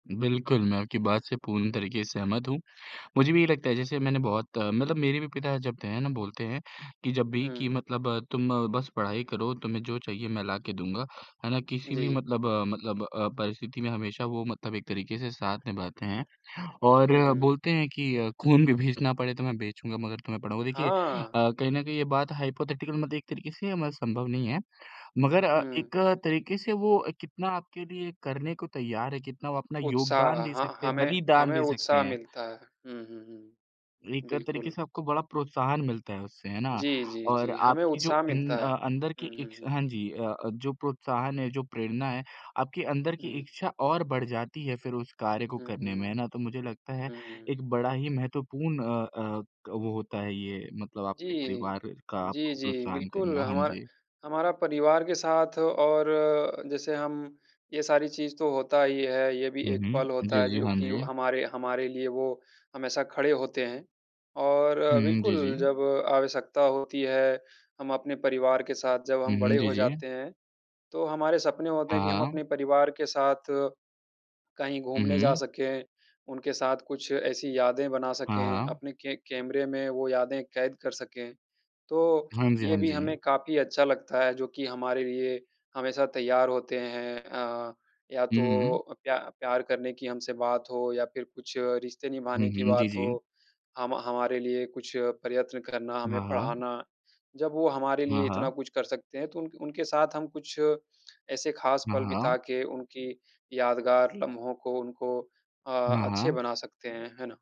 बिल्कुल, मैं आपकी बात से पूर्ण तरीके से सहमत हूँ। मुझे भी ये लगता है जैसे मैंने बहुत मतलब मेरे भी पिता जब त है ना बोलते हैं कि जब भी कि हुँ। मतलब तुम बस पढ़ाई करो तुम्हें जो चाहिए मैं ला के दूँगा, है ना? किसी भी जी। मतलब अ, मतलब अ, परिस्थिति में हमेशा वो मतलब एक तरीके से साथ निभाते हैं हुँ, और हुँ। बोलते हैं कि अ, खून भी बेचना पड़े तो मैं बेचूँगा मगर तुम्हें पढ़ाऊँ देखिए हाँ। अ, कहीं न कहीं ये बात हाइपोथेटिकल मतलब एक तरीके से मतलब संभव नहीं है। मगर अ, हुँ। एक तरीके से वो कितना आपके लिए करने को तैयार है, कितना वो अपना योगदान उत्साह, दे ह सकते हैं, हमें बलिदान हमें दे सकते उत्साह हैं। मिलता है। हुँ, हुँ, हुँ, एक तरीके बिल्कुल। से आपको बड़ा प्रोत्साहन मिलता है उससे, है ना? जी, जी, और जी, हमें आपकी जो उत्साह इन मिलता है। अ, अंदर की हुँ, हुँ, हुँ। इच्छा हाँ जी अ अ, जो प्रोत्साहन है जो प्रेरणा है, आपकी अंदर की हुँ। इच्छा और बढ़ जाती है फिर उस कार्य को हुँ, करने में, है हुँ। ना? तो मुझे लगता है हुँ, हुँ। एक बड़ा ही महत्वपूर्ण अ अ, वो होता है ये मतलब जी, आपके जी। परिवार का जी, आपको जी, प्रोत्साहन बिल्कुल, करना, हाँ हमारा जी। हमारा परिवार के साथ और जैसे हम, ये सारी चीज़ तो होता ही है ये भी हुँ, एक हुँ, पल होता जी, है जी, जो हाँ कि ओ जी। हमारे हमारे लिए वो हमेशा खड़े होते हैं और हुँ, हुँ, जी, बिल्कुल, जी। जब आवश्यकता होती है हम अपने परिवार के साथ जब हुँ, हम हुँ, बड़े जी, हो जी। जाते हैं, तो हमारे सपने होते हैं कि हाँ, हम हाँ। अपने परिवार के साथ कहीं हुँ, घूमने जा हुँ। सकें, उनके साथ कुछ ऐसी यादें बना हाँ, सकें, हाँ। अपने के कैमरे में वो यादें कैद कर सकें, तो हाँ जी, ये हाँ भी जी। हमें काफ़ी अच्छा लगता है जो कि हमारे लिए हमेशा तैयार होते हैं अ, या हुँ, हुँ, तो हुँ। अ, प्या प्यार करने की हमसे बात हो या फिर कुछ रिश्ते हुँ, निभाने की हुँ, जी, बात जी। हो, हम हमारे लिए कुछ प्रयत्न करना, हमें हाँ, हाँ। पढ़ाना। जब वो हमारे हाँ, लिए इतना हाँ। कुछ कर सकते हैं तो उन उनके साथ हम कुछ ऐसे ख़ास हाँ, पल हाँ। बिता के उनकी यादगार लम्हों को उनको अ, हाँ, अच्छे हाँ। बना सकते हैं, है ना?